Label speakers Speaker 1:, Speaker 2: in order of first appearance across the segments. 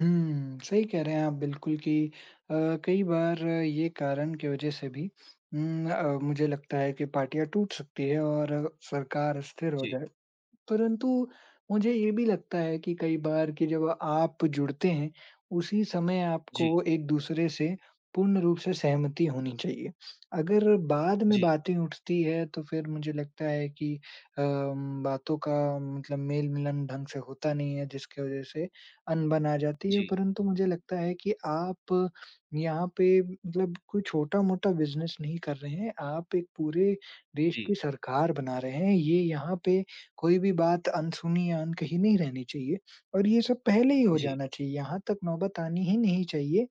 Speaker 1: हुँ, सही कह रहे हैं आप बिल्कुल कि अ, कई बार ये कारण की वजह से भी उम, अ, मुझे लगता है कि पार्टियाँ टूट सकती हैं और सरकार स्थिर हो
Speaker 2: जी।
Speaker 1: जाए। परंतु, मुझे ये भी लगता है कि कई बार कि जब आप जुड़ते हैं, उसी समय
Speaker 2: जी।
Speaker 1: आपको एक-दूसरे से पूर्ण रूप से सहमति होनी चाहिए, अगर बाद में
Speaker 2: जी।
Speaker 1: बातें उठती हैं, तो फिर मुझे लगता है कि अम, बातों का मतलब मेल-मिलन ढंग से होता नहीं है, जिसके वजह से अनबन आ जाती है।
Speaker 2: जी।
Speaker 1: परंतु मुझे लगता है कि आप यहाँ पे मतलब कोई छोटा-मोटा बिज़नेस नहीं कर रहे हैं। आप एक पूरे देश की
Speaker 2: जी।
Speaker 1: सरकार बना रहे हैं, ये यहाँ पे कोई भी बात अनसुनी या अनकही नहीं रहनी चाहिए, और ये सब पहले ही हो
Speaker 2: जी।
Speaker 1: जाना चाहिए, यहाँ तक नौबत आनी ही नहीं चाहिए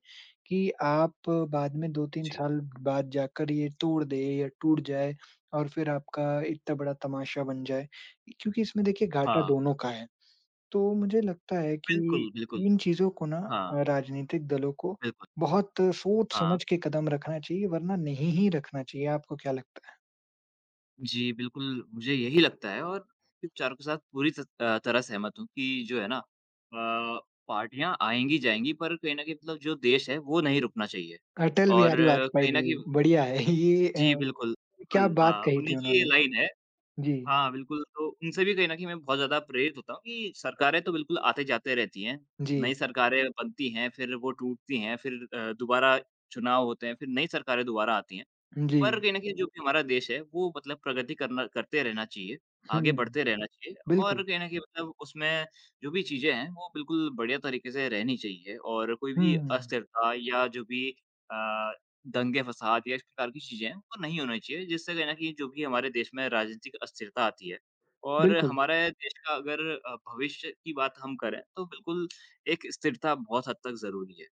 Speaker 1: कि आप बाद में 2-3
Speaker 2: जी।
Speaker 1: साल बाद जाकर ये तोड़ दे या टूट जाए और फिर आपका इतना बड़ा तमाशा बन जाए। इ क्योंकि इसमें देखिए घाटा
Speaker 2: हाँ।
Speaker 1: दोनों का है, तो मुझे लगता है कि
Speaker 2: बिल्कुल, बिल्कुल।
Speaker 1: इन चीज़ों को ना
Speaker 2: हाँ।
Speaker 1: राजनीतिक दलों को
Speaker 2: बिल्कुल।
Speaker 1: बहुत
Speaker 2: हाँ।
Speaker 1: सोच-समझ के कदम रखना चाहिए, वरना नहीं ही रखना चाहिए, आपको क्या लगता है?
Speaker 2: जी, बिल्कुल, मुझे यही लगता है और आपके विचारों के साथ पूरी तत अ, तरह से सहमत हूँ कि जो है ना अ, पार्टियाँ आएँगी, जाएँगी पर कहीं न कहीं मतलब जो देश है, वो नहीं रुकना चाहिए।
Speaker 1: अटल
Speaker 2: और
Speaker 1: बिहारी वाजपेयी
Speaker 2: कहीं न
Speaker 1: जी,
Speaker 2: कहीं
Speaker 1: बढ़िया है, ये
Speaker 2: जी,
Speaker 1: अ,
Speaker 2: बिल्कुल,
Speaker 1: क्या
Speaker 2: बिल्कुल,
Speaker 1: बात
Speaker 2: हाँ,
Speaker 1: कही
Speaker 2: उन्हीं
Speaker 1: थी
Speaker 2: की ये
Speaker 1: उन्होंने।
Speaker 2: लाइन है।
Speaker 1: जी।
Speaker 2: हाँ, बिल्कुल, तो उनसे भी कहीं न कहीं मैं बहुत ज़्यादा प्रेरित होता हूँ कि सरकारें तो बिल्कुल आते-जाते रहती हैं,
Speaker 1: जी।
Speaker 2: नई सरकारें बनती हैं, फिर वो टूटती हैं, फिर अ, दोबारा चुनाव होते हैं, फिर नई सरकारें दोबारा आती हैं।
Speaker 1: उ,
Speaker 2: पर
Speaker 1: जी।
Speaker 2: कहीं न कहीं जो भी हमारा देश है, वो मतलब प्रगति करना करते रहना चाहिए, आगे
Speaker 1: हुँ।
Speaker 2: बढ़ते रहना चाहिए और
Speaker 1: बिल्कुल।
Speaker 2: कहीं न कहीं मतलब उसमें जो भी चीज़ें हैं, वो बिल्कुल बढ़िया तरीके से रहनी चाहिए। और कोई भी
Speaker 1: हुँ।
Speaker 2: अस्थिरता या जो भी अ, दंगे, फसाद या इस प्रकार की चीज़ें हैं, वो नहीं होने चाहिए, जिससे कहीं न कहीं जो भी हमारे देश में राजनीतिक अस्थिरता आती है। और
Speaker 1: बिल्कुल।
Speaker 2: हमारे देश का अगर अ, भविष्य की बात हम करें, तो बिल्कुल एक स्थिरता बहुत हद तक ज़रूरी है।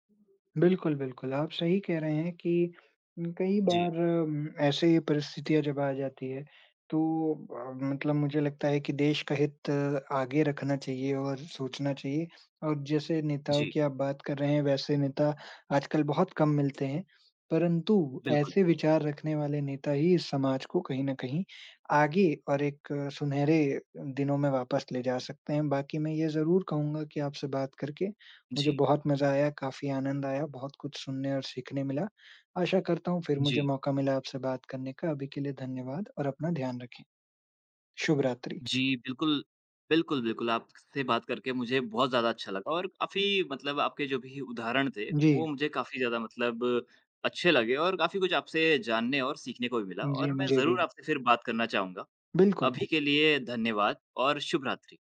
Speaker 1: बिल्कुल, बिल्कुल। आप सही कह रहे हैं कि उम, कई
Speaker 2: जी।
Speaker 1: बार अम, ऐसे ही परिस्थितियाँ जब आ जाती है, तो अ, मतलब मुझे लगता है कि देश का हित आगे रखना चाहिए और सोचना चाहिए। और जैसे नेताओं
Speaker 2: जी।
Speaker 1: की आप बात कर रहे हैं, वैसे नेता आजकल बहुत कम मिलते हैं, परंतु
Speaker 2: बिल्कुल।
Speaker 1: ऐसे विचार रखने वाले नेता ही समाज को कहीं न कहीं आगे और एक सुनहरे अ, दिनों में वापस ले जा सकते हैं। बाकी मैं ये ज़रूर कहूँगा कि आपसे बात करके मुझे
Speaker 2: जी।
Speaker 1: बहुत मज़ा आया, काफ़ी आनंद आया, बहुत कुछ सुनने और सीखने मिला, आशा करता हूँ फिर मुझे
Speaker 2: जी।
Speaker 1: मौका मिला आपसे बात करने का, अभी के लिए धन्यवाद और अपना ध्यान रखें। शुभ रात्रि।
Speaker 2: जी, बिल्कुल, बिल्कुल, बिल्कुल। आप क से बात करके मुझे बहुत ज़्यादा अच्छा लगा और काफ़ी मतलब आपके जो भी उदाहरण थे, वो
Speaker 1: जी।
Speaker 2: मुझे काफ़ी ज़्यादा मतलब अच्छे लगे और काफ़ी कुछ आपसे जानने और सीखने को भी मिला,
Speaker 1: जी,
Speaker 2: और मैं
Speaker 1: मुझे भी।
Speaker 2: ज़रूर आपसे फिर बात करना चाहूँगा।
Speaker 1: बिल्कुल।
Speaker 2: अभी के लिए धन्यवाद और शुभरात्रि।